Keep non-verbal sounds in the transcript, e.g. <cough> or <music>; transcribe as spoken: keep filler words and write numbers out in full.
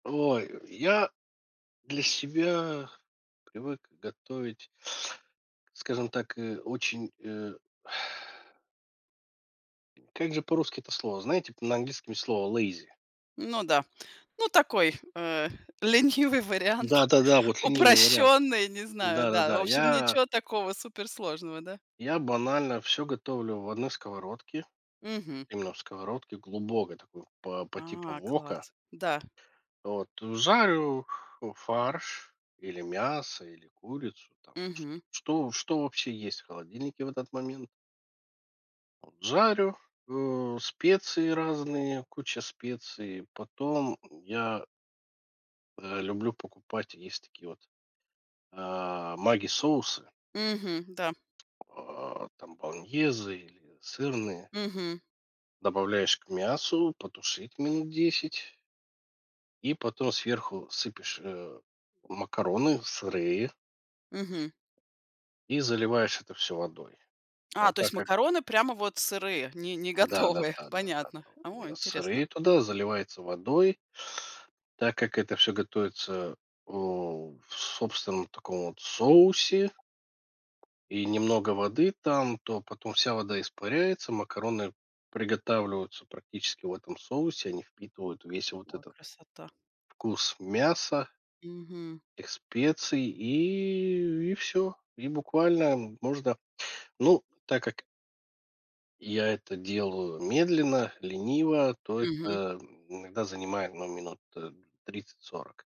Ой, я для себя привык готовить скажем так, э, очень, э <exhales> Как же по-русски это слово? Знаете, на английском слово lazy? Ну да, ну, такой, э, ленивый вариант, Да-да-да, вот ленивый вариант, упрощённый, не знаю, да. В да-да-да, общем, я ничего такого суперсложного, да? Я банально всё готовлю в одной сковородке, Мгм. именно в сковородке, глубокой такой, по по типу А, вока. класс. Да. Вот. Жарю, у, фарш или мясо, или курицу там, чт Мгм. что что вообще есть холодильнике в этот момент. Вот. Жарю, э, специи разные, куча специй. Потом я э, люблю покупать, есть такие вот, э, "Маги" соусы. Мгм, да. Э, там болоньезе или сырные. Мгм. Добавляешь к мясу, потушить минут десять. И потом сверху сыпешь, э, макароны сырые. Мгм. И заливаешь это всё водой, но А, то есть так как макароны прямо вот сырые, не, не готовые. Да-да-да-да-да-да, Понятно. там О, именно интересно. сырые туда, заливается водой так как это всё готовится, э, в собственном таком вот соусе. И немного воды там, то потом вся вода испаряется, макароны приготавливаются практически в этом соусе, они впитывают весь вот Ой, этот красота. Вкус мяса. Мгм. Этих специй. И и всё. И буквально можно, ну, так как я это делаю медленно, лениво, то Мгм. это иногда занимает, ну, минут, э, тридцать сорок.